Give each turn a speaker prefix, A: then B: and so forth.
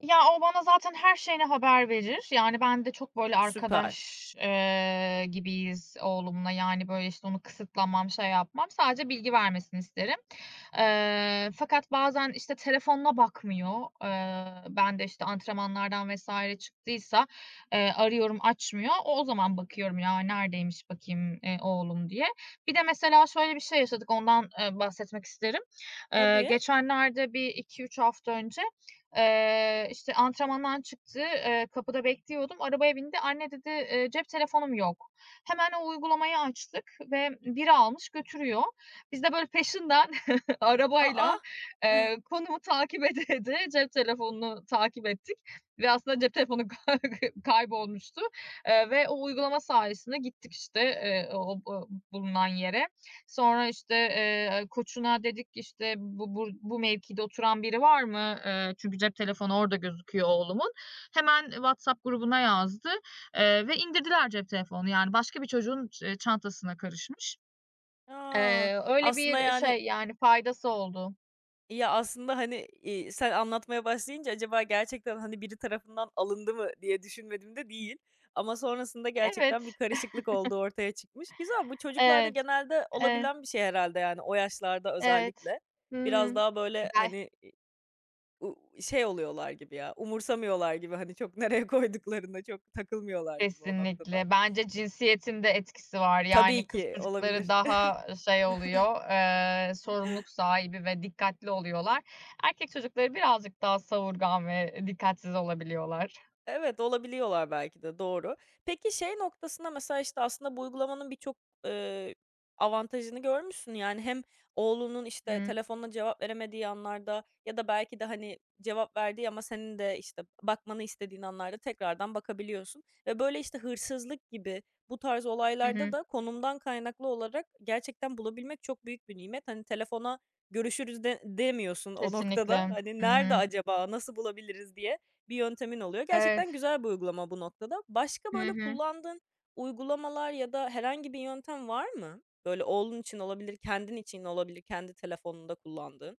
A: Ya, o bana zaten her şeyini haber verir yani ben de çok böyle
B: Süper.
A: arkadaş, eee, gibiyiz oğlumla yani, böyle, işte, onu kısıtlamam, şey yapmam. Sadece bilgi vermesini isterim, eee, fakat bazen, işte, telefonuna bakmıyor. Eee, ben de, işte, antrenmanlardan vs. çıktıysa, eee, arıyorum açmıyor. O o zaman bakıyorum ya neredeymiş bakayım, eee, oğlum diye. Bir de mesela şöyle bir şey yaşadık, ondan, eee, bahsetmek isterim. Eee,
B: Tabii.
A: geçenlerde bir 2-3 hafta önce, eee, işte, antrenmandan çıktı. Eee, kapıda bekliyordum. Arabaya bindi. "Anne" dedi, eee, "cep telefonum yok." Hemen o uygulamayı açtık ve biri almış götürüyor. Biz de böyle peşinden
B: A,
A: arabayla,
B: ah!
A: eee, konumu takip ede ede cep telefonunu takip ettik ve aslında cep telefonu kay kaybolmuştu, eee, ve o uygulama sayesinde gittik işte, eee, o o bulunan yere. Sonra, işte, eee, koçuna dedik, işte, "bu bur bu mevkide oturan biri var mı?" Eee, çünkü cep telefonu orada gözüküyor oğlumun. Hemen WhatsApp grubuna yazdı, eee, ve indirdiler cep telefonunu yani başka bir çocuğun ç eee, çantasına karışmış.
B: A.
A: Eee, öyle
B: Aslında
A: bir
B: yani
A: şey yani faydası oldu.
B: Ya, aslında hani, iii, sen anlatmaya başlayınca acaba gerçekten, hani, biri tarafından alındı mı diye düşünmedim de değil. Ama sonrasında
A: Evet.
B: gerçekten bir karışıklık olduğu ortaya çıkmış. Güzel, bu çocuklarda
A: Evet,
B: genelde
A: evet.
B: olabilen bir şey herhâlde yani o yaşlarda
A: Evet.
B: özellikle.
A: Hı
B: Biraz
A: hı.
B: daha, böyle,
A: [unintelligible]
B: hani i u şey oluyorlar gibi ya umursamıyorlar gibi hani çok nereye koyduklarına çok takılmıyorlar gibi o noktada.
A: Kesinlikle. Bence cinsiyetin de etkisi var.
B: Tabii
A: Yani kız
B: ki,
A: çocukları
B: olabilir.
A: daha, ııı, şey oluyor, eee, sorumluluk sahibi ve dikkatli oluyorlar. Erkek çocukları birazcık daha savurgan ve dikkatsiz olabiliyorlar.
B: Evet, olabiliyorlar belki de, doğru. Peki şey noktasında mesela, işte, aslında bu uygulamanın birçok, ııı, avantajını görmüşsün. Yani hem oğlunun, işte,
A: Hı.
B: telefonuna cevap veremediği anlarda ya da belki de hani cevap verdiği ama senin de, işte, bakmanı istediğin anlarda tekrardan bakabiliyorsun ve, böyle, işte, hırsızlık gibi bu tarz
A: Hı
B: olaylarda
A: hı.
B: da konumdan kaynaklı olarak gerçekten bulabilmek çok büyük bir nimet. Hani telefona görüşürüz de demiyorsun o noktada.
A: Kesinlikle.
B: Hani
A: Hı
B: nerede
A: hı.
B: acaba, nasıl bulabiliriz diye bir yöntemin oluyor.
A: Evet.
B: Gerçekten güzel bir uygulama bu noktada. Başka
A: Hı
B: böyle
A: hı.
B: kullandığın uygulamalar ya da herhangi bir yöntem var mı, böyle oğlun için olabilir, kendin için olabilir, kendi telefonunda kullandığın?